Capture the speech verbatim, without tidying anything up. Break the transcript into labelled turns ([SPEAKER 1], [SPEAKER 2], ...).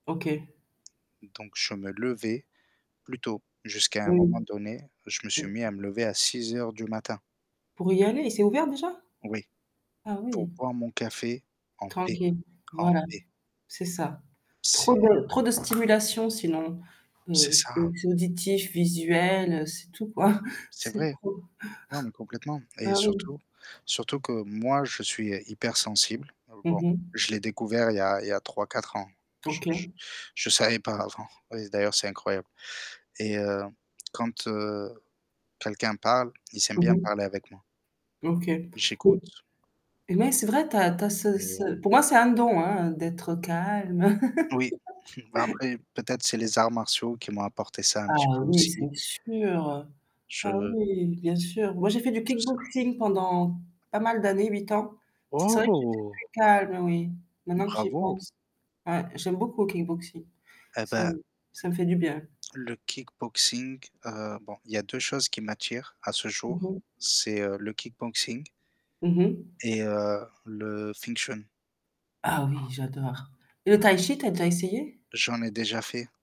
[SPEAKER 1] OK.
[SPEAKER 2] Donc je me levais plus tôt, jusqu'à un moment
[SPEAKER 1] Oui.
[SPEAKER 2] donné, je me suis mis à me lever à six heures du matin.
[SPEAKER 1] Pour y aller, c'est ouvert déjà?
[SPEAKER 2] Oui,
[SPEAKER 1] Ah
[SPEAKER 2] pour
[SPEAKER 1] oui.
[SPEAKER 2] boire mon café en paix,
[SPEAKER 1] Tranquille,
[SPEAKER 2] en
[SPEAKER 1] voilà.
[SPEAKER 2] paix.
[SPEAKER 1] C'est ça. Trop
[SPEAKER 2] C'est
[SPEAKER 1] de trop de stimulations sinon,
[SPEAKER 2] c'est
[SPEAKER 1] heu, que
[SPEAKER 2] ça.
[SPEAKER 1] ce soit auditifs, visuels, c'est tout quoi,
[SPEAKER 2] C'est
[SPEAKER 1] c'est
[SPEAKER 2] vrai,
[SPEAKER 1] trop.
[SPEAKER 2] non, mais complètement. Et
[SPEAKER 1] Bah oui.
[SPEAKER 2] surtout surtout que moi, je suis hypersensible. Bon,
[SPEAKER 1] Mmh mh.
[SPEAKER 2] je l'ai découvert il y a il y a trois-quatre ans. Je je
[SPEAKER 1] OK.
[SPEAKER 2] je savais pas avant. Et d'ailleurs c'est incroyable. Et heu, quand, heu, quelqu'un parle, ils aiment
[SPEAKER 1] Mmh
[SPEAKER 2] bien
[SPEAKER 1] mh.
[SPEAKER 2] parler avec moi.
[SPEAKER 1] OK. M
[SPEAKER 2] J'écoute
[SPEAKER 1] et mais c'est vrai tu as tu as ce
[SPEAKER 2] et
[SPEAKER 1] ce pour moi c'est un don, hein, d'être calme.
[SPEAKER 2] Oui, bah après peut-être c'est les arts martiaux qui m'ont apporté ça un petit
[SPEAKER 1] Ah
[SPEAKER 2] peu
[SPEAKER 1] oui
[SPEAKER 2] aussi.
[SPEAKER 1] c'est sûr, ah
[SPEAKER 2] Je
[SPEAKER 1] oui bien sûr. Moi j'ai fait du
[SPEAKER 2] je sais pas.
[SPEAKER 1] kickboxing pendant pas mal d'années, huit ans, c'est vrai que j'étais
[SPEAKER 2] Oh!
[SPEAKER 1] très calme oui, maintenant que j'y
[SPEAKER 2] Bravo!
[SPEAKER 1] pense. Ouais, j'aime beaucoup le kickboxing.
[SPEAKER 2] Et
[SPEAKER 1] C'est
[SPEAKER 2] bah
[SPEAKER 1] ça me fait du bien.
[SPEAKER 2] Le kickboxing, heu, bon, il y a deux choses qui m'attirent à ce
[SPEAKER 1] Mmh
[SPEAKER 2] jour,
[SPEAKER 1] mh.
[SPEAKER 2] c'est, heu, le kickboxing
[SPEAKER 1] Mmh mh.
[SPEAKER 2] et, heu, le Wing chun.
[SPEAKER 1] Ah oui j'adore. Et le taï-chi tu as déjà essayé?
[SPEAKER 2] J'en ai déjà fait.